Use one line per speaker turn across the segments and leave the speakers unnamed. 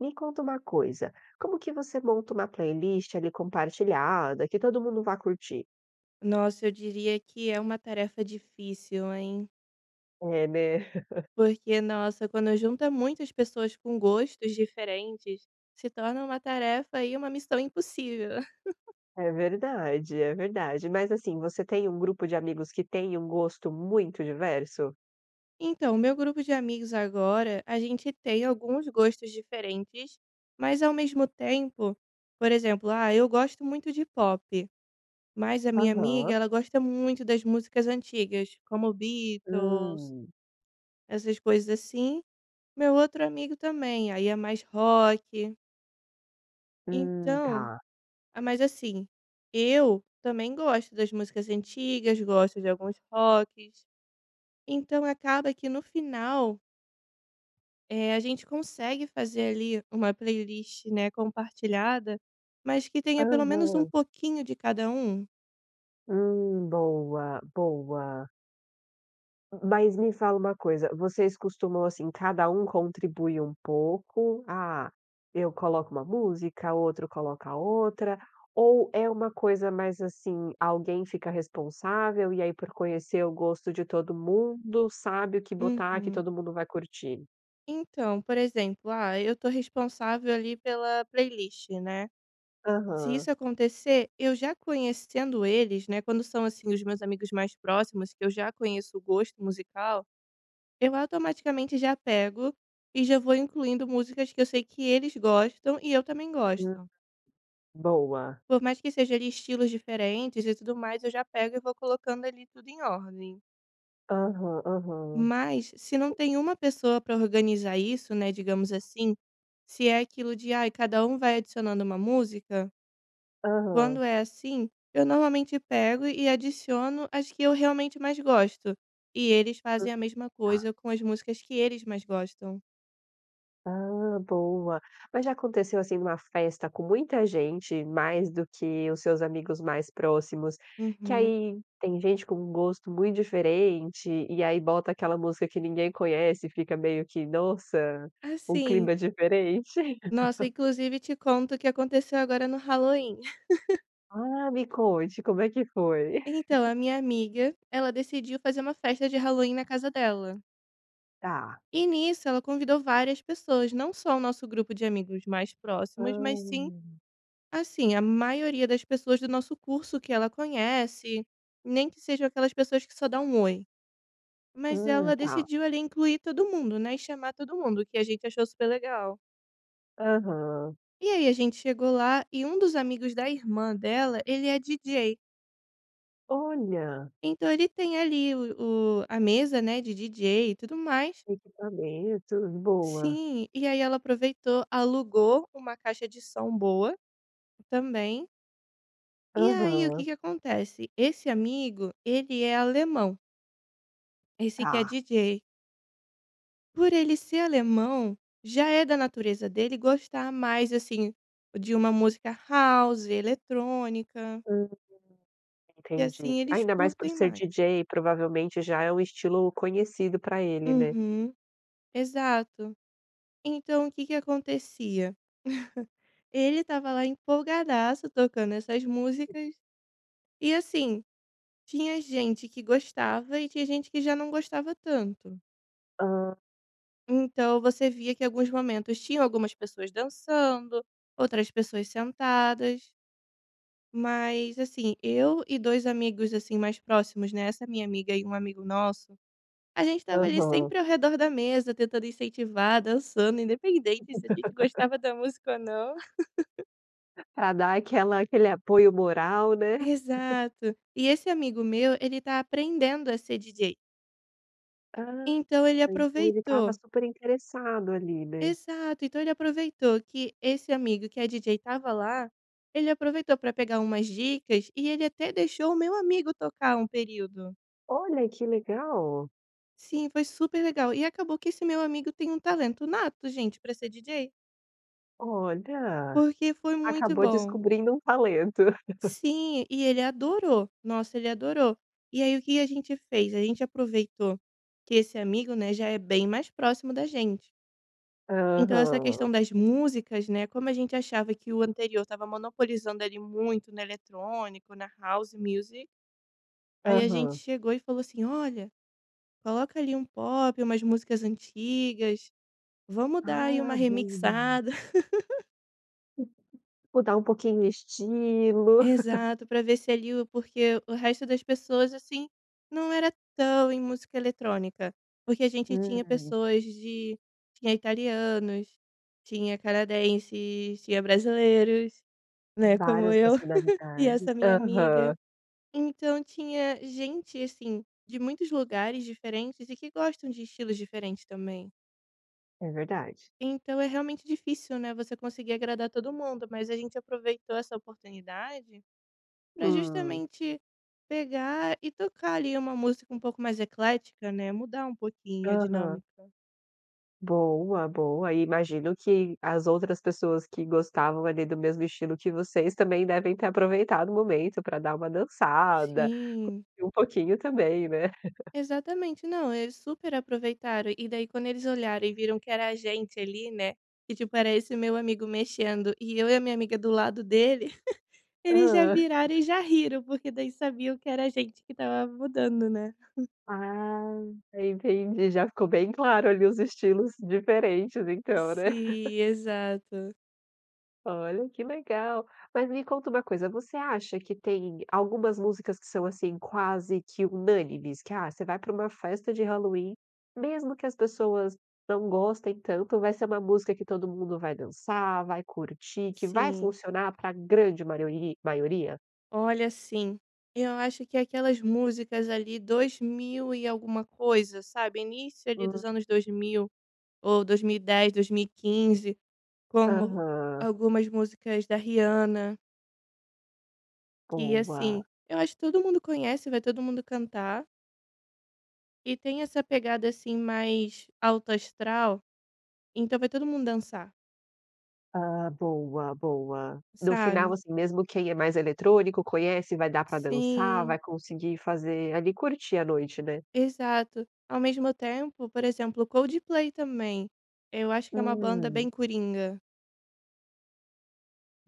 Me conta uma coisa, como que você monta uma playlist ali compartilhada, que todo mundo vá curtir?
Nossa, eu diria que é uma tarefa difícil, hein?
É, né.
Porque, nossa, quando junta muitas pessoas com gostos diferentes, se torna uma tarefa aí, uma missão impossível.
É verdade, é verdade, mas assim, você tem um grupo de amigos que tem um gosto muito diverso?
Então o meu grupo de amigos agora, a gente tem alguns gostos diferentes, mas ao mesmo tempo, por exemplo, ah, eu gosto muito de pop, mas a minha amiga
Aham.
ela gosta muito das músicas antigas como Beatles
Hum.
essas coisas, assim, meu outro amigo também. Aí é mais rock
Hum.
então
Tá.
ah, mas assim, eu também gosto das músicas antigas, gosto de alguns rocks, então acaba que no final eh, a gente consegue fazer ali uma playlist, né, compartilhada, mas que tenha pelo menos um
Aham.
pouquinho de cada um.
Hum. Boa. Boa. M m mas me fala uma coisa, vocês costumam, assim, cada um contribui um pouco, ah, eu coloco uma música, outro coloca outra, ou é uma coisa mais assim, alguém fica responsável e aí por conhecer o gosto de todo mundo, sabe o que botar, que
Uhum.
todo mundo vai curtir?
Então, por exemplo, ah, eu tô responsável ali pela playlist, né. Se
Aham.
isso acontecer, eu já conhecendo eles, né, quando são assim os meus amigos mais próximos que eu já conheço o gosto musical. Eu automaticamente já pego e já vou incluindo musicas que eu sei que eles gostam e eu também
Hã,
gosto.
boa.
Por mais que seja ali estilos diferentes e tudo mais. Eu já pego e vou colocando ali tudo em ordem.
Aham aham.
Mas se não tem uma pessoa para organizar isso, né, digamos assim, se é aquilo de ai cada um vai adicionando uma música
Aham.
quando é assim eu normalmente pego e adiciono as que eu realmente mais gosto, e eles
Hum
fazem a mesma
tá.
coisa com as músicas que eles mais gostam.
Ah boa. Mas já aconteceu, assim, numa festa com muita gente, mais do que os seus amigos mais próximos, que
Uhum.
aí tem gente com gosto muito diferente e aí bota aquela música que ninguém conhece, e fica meio que nossa
Ah,
um
sim.
clima diferente?
Nossa inclusive te conto o que aconteceu agora no Halloween.
Ah me conte como é que foi?
Então a minha amiga, ela decidiu fazer uma festa de Halloween na casa dela.
Tá.
E nisso ela convidou várias pessoas. Não só o nosso grupo de amigos mais próximos, mas sim
Hum.
assim, a maioria das pessoas do nosso curso que ela conhece, nem que seja aquelas pessoas que só dá um oi. Mas
Hum,
ela
tá.
decidiu ali incluir todo mundo, né. E chamar todo mundo, o que a gente achou super legal.
Aham.
E aí a gente chegou lá, e um dos amigos da irmã dela, ele é DJ.
Olha.
Então ele tem ali o o a mesa, né, de DJ e tudo mais.
Equipamento, boa.
Sim. E aí ela aproveitou, alugou uma caixa de som boa, também E aí, o que
Aham.
que acontece? Esse amigo, ele é alemão. Esse que é
Tá.
DJ. Por ele ser alemão, já é da natureza dele gostar mais assim de uma música house, eletrônica.
Uhum.
Que
Entendi.
assim, eles
Ainda mais por
curtem
ser
mais
DJ, provavelmente já é um estilo conhecido pra ele, né?
Uhum. Exato. Então o que que acontecia. Ele estava lá empolgadaço tocando essas músicas. E assim tinha gente que gostava e tinha gente que já não gostava tanto.
Hã.
Então, você via que alguns momentos tinham algumas pessoas dançando, outras pessoas sentadas. Mas assim, eu e 2 amigos assim, mais próximos, né. Essa minha amiga e um amigo nosso, a gente estava ali
Aham.
sempre ao redor da mesa, tentando incentivar, dançando independente se a gente gostava da música ou não.
Pra dar aquela aquele apoio moral, né?
Exato. E esse amigo meu ele tá aprendendo a ser DJ.
Ah,
Então ele
então ele estava
aproveitou
super interessado ali, né?
Exato. Então, ele aproveitou que esse amigo que é DJ estava lá. Ele aproveitou pra pegar umas dicas e ele até deixou o meu amigo tocar um período.
Olha que legal!
Sim, foi super legal! E acabou que esse meu amigo tem um talento nato, gente, pra ser DJ.
Olha!
Porque foi muito
Acabou
bom.
descobrindo um talento.
Sim e ele adorou! Nossa ele adorou! E aí o que que a gente fez? A gente aproveitou que esse amigo, né, já é bem mais próximo da gente Então, essa
Aham.
questão das músicas, né, como a gente achava que o anterior estava monopolizando ele muito no eletrônico, na house music. Aí a gente
Aham.
chegou e falou assim: "Olha coloca ali um pop, umas músicas antigas, vamos dar aí uma
Ah, boa!
remixada.
Mudar um pouquinho o estilo.
Exato. Pra ver se ali o porque o resto das pessoas assim, não era tão em música eletrônica. Porque a gente tinha
Hum.
pessoas de tinha italianos, tinha canadenses, tinha brasileiros, né, como
Várias
eu e
nacionalidades.
essa minha amiga.
Aham.
Então tinha gente, assim, de muitos lugares diferentes e que gostam de estilos diferentes também.
É verdade.
Então, é realmente difícil, né, você conseguir agradar todo mundo mas a gente aproveitou essa oportunidade pra
Hum.
justamente pegar e tocar ali, uma música um pouco mais eclética, né, mudar um pouquinho a
Aham.
dinâmica.
Boa, boa. Imagino que as outras pessoas que gostavam ali, do mesmo estilo que vocês, também devem ter aproveitado o momento pra dar uma dançada,
Sim.
curtir um pouquinho também, né?
Exatamente. Não, eles super aproveitaram e daí quando eles olharam e viram que era a gente ali, né, que tipo era esse meu amigo mexendo e eu e a minha amiga do lado dele, eles já
Hã.
viraram e já riram, porque daí sabiam que era a gente que estava mudando, né.
Ah, já entendi, já ficou bem claro ali, os estilos diferentes então, né?
Sim. Exato.
Olha que legal! Mas me conta uma coisa. Você acha que tem algumas músicas que são, assim, quase que unânimes? Que, ah, você vai pra uma festa de Halloween, mesmo que as pessoas não gostem tanto, vai ser uma música que todo mundo vai dançar, vai curtir, que vai
Sim.
funcionar pra grande mariori maioria?
Olha, sim. Eu acho que é aquelas músicas ali 2000 e alguma coisa sabe, início ali dos
[unintelligible]
anos 2000. Ou 2010, 2015 como
Aham.
algumas músicas da Rihanna. Que
Boa.
assim eu acho que todo mundo conhece vai todo mundo cantar. E tem essa pegada, assim, mais alto astral. Então vai todo mundo dançar.
Ah, boa, boa. No final,
Sabe.
assim, mesmo quem é mais eletrônico conhece, vai dar pra dançar,
Sim.
vai conseguir fazer ali curtir a noite, né.
Exato. Ao mesmo tempo, por exemplo, o Coldplay também, eu acho que é uma banda bem
Hum.
coringa.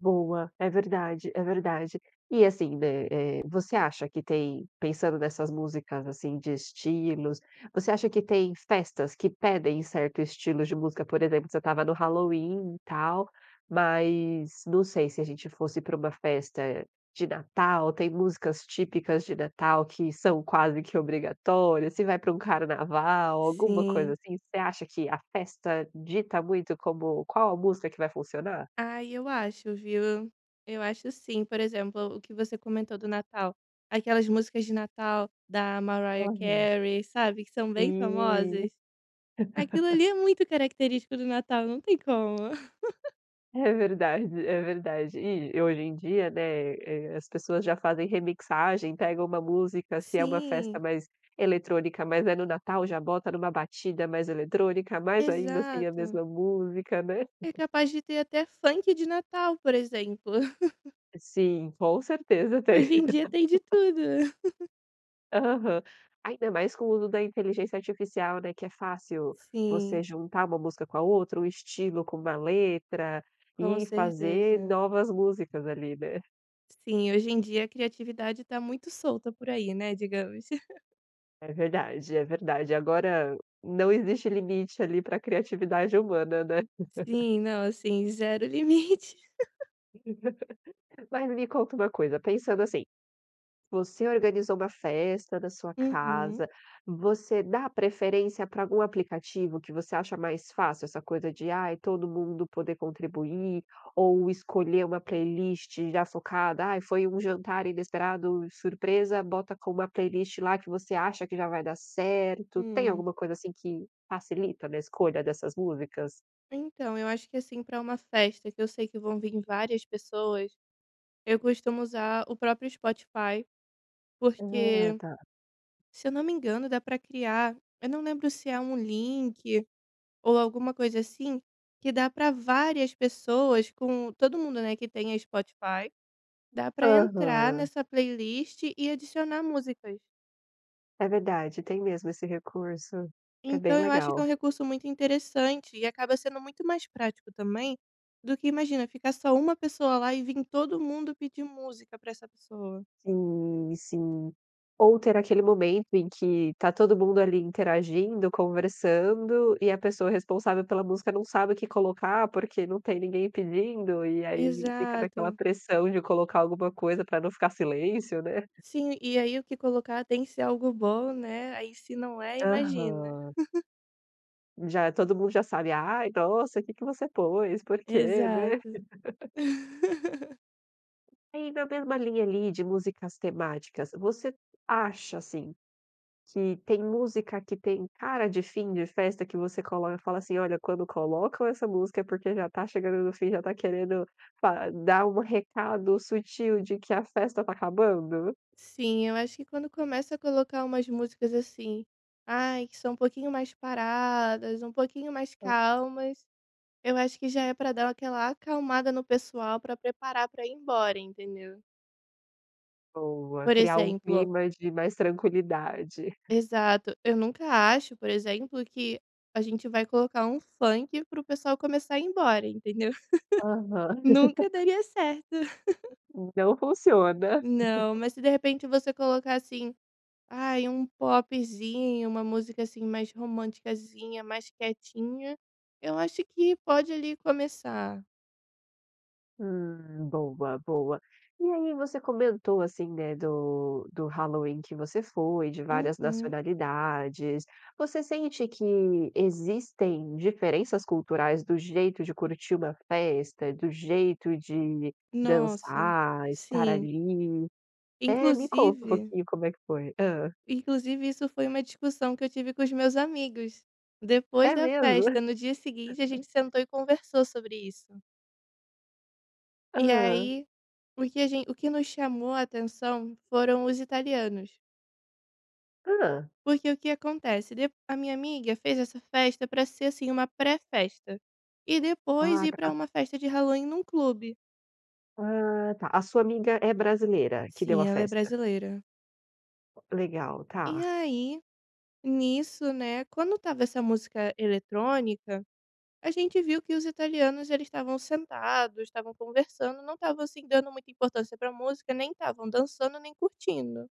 Boa. É verdade, é verdade. E assim, né, eh, você acha que tem pensando nessas músicas, assim, de estilos, você acha que tem festas que pedem certo estilo de música? Por exemplo, você estava no Halloween, e tal, mas não sei se a gente fosse pra uma festa de Natal. Tem músicas típicas de Natal que são quase que obrigatórias? Se vai pra um carnaval alguma coisa,
Sim.
assim. Você acha que a festa dita muito como qual a música que vai funcionar?
Ai, eu acho viu. Eu acho sim. Por exemplo o que você comentou do Natal. Aquelas músicas de Natal da Mariah
Aham.
Carey, sabe? Que são bem
Sim.
famosas. Aquilo ali é muito característico do Natal. Não tem como.
É verdade, é verdade. E e hoje em dia, né, eh, as pessoas já fazem remixagem. Pega uma música, se é uma festa
Sim.
mais eletrônica mas é no Natal, já bota numa batida mais eletrônica, mas ainda assim é a
Exato.
mesma música né.
É capaz de ter até funk de Natal por exemplo.
Sim, com certeza tem.
Hoje em dia tem de tudo, né.
Aham, ainda mais com o uso da Inteligência Artificial né, que é fácil você
Sim.
juntar uma música com a outra, o estilo com uma letra,
Com
e fazer
certeza.
novas músicas ali, né.
Sim. Hoje em dia a criatividade tá muito solta por aí, né, digamos.
É verdade, é verdade. Agora não existe limite ali para criatividade humana, né?
Sim, não, assim, zero limite.
Mas me conta uma coisa, pensando assim, você organizou uma festa na sua
Uhum.
casa, você dá preferência para algum aplicativo que você acha mais fácil, essa coisa de, ai todo mundo poder contribuir, ou escolher uma playlist já focada? Ai foi um jantar inesperado, surpresa, bota com uma playlist lá que você acha que já vai dar certo. Tem
Hum.
alguma coisa assim que facilita na escolha dessas músicas?
Então eu acho que, assim, para uma festa que eu sei que vão vir várias pessoas. Eu costumo usar o próprio Spotify,
Ah,
porque
tá.
se eu não me engano dá para criar eu não lembro se é um link, ou alguma coisa assim, que dá para várias pessoas com todo mundo, né, que tenha Spotify dá para entrar
Aham.
nessa playlist e adicionar músicas.
É verdade, tem mesmo esse recurso. É bem
Então eu acho que é um
legal.
recurso muito interessante, e acaba sendo muito mais prático também do que imagina, ficar só uma pessoa lá e vim todo mundo pedir música para essa pessoa.
Sim, sim. Ou ter aquele momento em que tá todo mundo ali interagindo, conversando e a pessoa responsável pela música não sabe o que colocar, porque não tem ninguém pedindo, e aí fica naquela
Exato.
pressão de colocar alguma coisa pra não ficar silêncio, né.
Sim e aí o que colocar tem que ser algo bom, né. Aí se não é imagina.
Aham. Já todo mundo já sabe ai nossa que que você pôs? Por quê, né?
Exato.
É e na mesma linha ali de músicas temáticas, você acha assim, que tem música que tem cara de fim de festa? Que você coloca e fala assim: "Olha quando colocam essa música é porque já está chegando no fim. Já tá querendo pa dar um recado sutil de que a festa está acabando?"
Sim. Eu acho que quando começa a colocar umas músicas, assim. Ai que são um pouquinho mais paradas um pouquinho mais
Hã.
calmas. Eu acho que já é pra dar aquela acalmada no pessoal pra preparar pra ir embora. Entendeu?
Boa,
Por
criar um
exemplo
clima de mais tranquilidade.
Exato. Eu nunca acho, por exemplo, que a gente vai colocar um funk para o pessoal começar a ir embora. Entendeu?
Aham.
Nunca daria certo.
Não funciona.
Não. Mas se de repente você colocar, assim, ai popzinho. Uma música assim mais romanticazinha mais quietinha. Eu acho que pode ali começar.
Hum. Boa, boa. E aí você comentou assim, né, do do Halloween que você foi, de várias
Uhum.
nacionalidades. Você sente que existem diferenças culturais do jeito de curtir uma festa? Do jeito de
Nossa,
dançar, estar
sim.
ali? É, me conta um
Inclusive
pouquinho como é que foi. Hã.
inclusive isso foi uma discussão que eu tive com os meus amigos depois
É
da
mesmo?
festa. No dia seguinte a gente sentou e conversou sobre isso. E
Hã?
aí, o que a gen o que nos chamou a atenção foram os italianos.
Hã?
Porque o que acontece. De a minha amiga fez essa festa para ser, assim, uma pré-festa. E depois
Ah,
ir
pra a
para uma festa de Halloween num clube.
Hã, tá. A sua amiga é brasileira, a que deu a
Sim, ela é
festa?
brasileira.
O Legal,
E
tá.
aí, nisso, né, quando estava essa música eletrônica, a gente viu que os italianos, eles estavam sentados. Estavam conversando, não estavam, assim, dando muita importância pra música. Nem estavam dançando nem curtindo.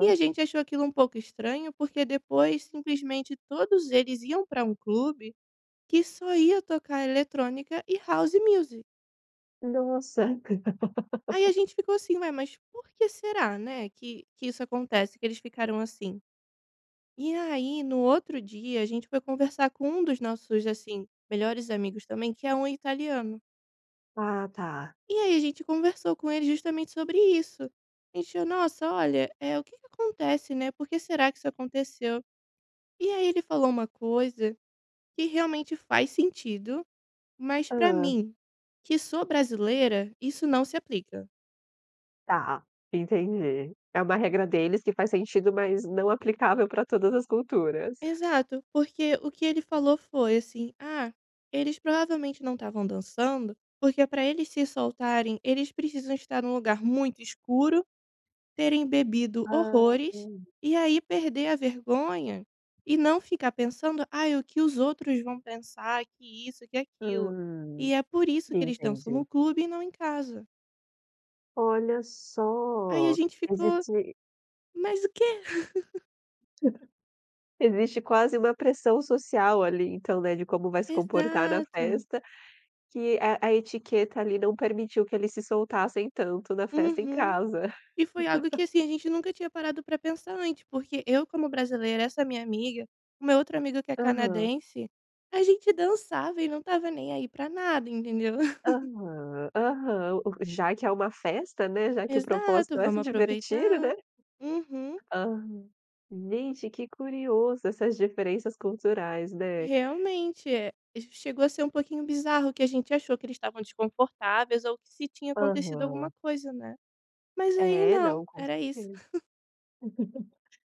E a gente achou aquilo um pouco estranho, porque depois simplesmente todos eles iam pra um clube que só ia tocar eletrônica e House Music.
Nossa.
Aí, a gente ficou assim: "Ué, mas por que será, né, que que isso acontece, que eles ficaram assim?" E aí, no outro dia, a gente foi conversar com um dos nossos, assim, melhores amigos, também, que é um italiano.
Ah, tá.
E aí, a gente conversou com ele justamente sobre isso. A gente falou: "Nossa, olha, eh, o que que acontece, né? Porque será que isso aconteceu?" E aí, ele falou uma coisa que realmente faz sentido. Mas, para
Hã?
mim que sou brasileira, isso não se aplica.
Tá, entendi. É uma regra deles que faz sentido mas não aplicável para todas as culturas.
Exato. Porque o que ele falou foi assim: "Ah, eles provavelmente não estavam dançando, porque pra eles se soltarem eles precisam estar num lugar muito escuro, terem bebido
Ah,
horrores
enten
e aí perder a vergonha." E não ficar pensando: "Aí o que os outros vão pensar." Que isso que aquilo,
Hum,
e é por isso que eles dançam no
entendi.
clube e não em casa.
Olha
Aí a
só,
gente ficou:
existe
"Mas o quê?"
Existe quase uma pressão social ali então, né, de como vai se comportar na
Exato.
festa, que a a etiqueta ali não permitiu que eles se soltassem tanto na festa em
Uhum.
casa.
E foi algo que, assim, a gente nunca tinha parado pra pensar antes, porque eu como brasileira, essa minha amiga, uma outra amiga que é
Aham.
canadense, a gente dançava e não estava nem aí para nada, entendeu?
Aham. Aham. O o já que é uma festa, né, já que o
Exato,
propósito é se
vamos
divertir, né?
aproveitar. Uhum.
Aham. Gente, que curioso essas diferenças culturais, né.
Realmente, eh chegou a ser um pouquinho bizarro, que a gente achou que eles estavam desconfortáveis ou que se tinha acontecido alguma
Aham.
coisa, né? Mas aí
É,
não,
não. Com
era isso.
certeza.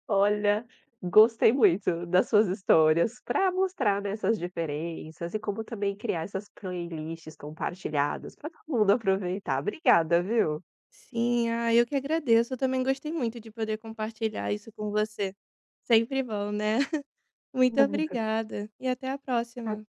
Olha, gostei muito das suas histórias pra mostrar, né, essas diferenças e como também criar essas playlists compartilhadas pra todo mundo aproveitar. Obrigada, viu?
Sim. Ai, eu que agradeço. Eu também gostei muito de poder compartilhar isso com você, sempre bom, né. Muito
Nada.
obrigada e até a
Até
próxima.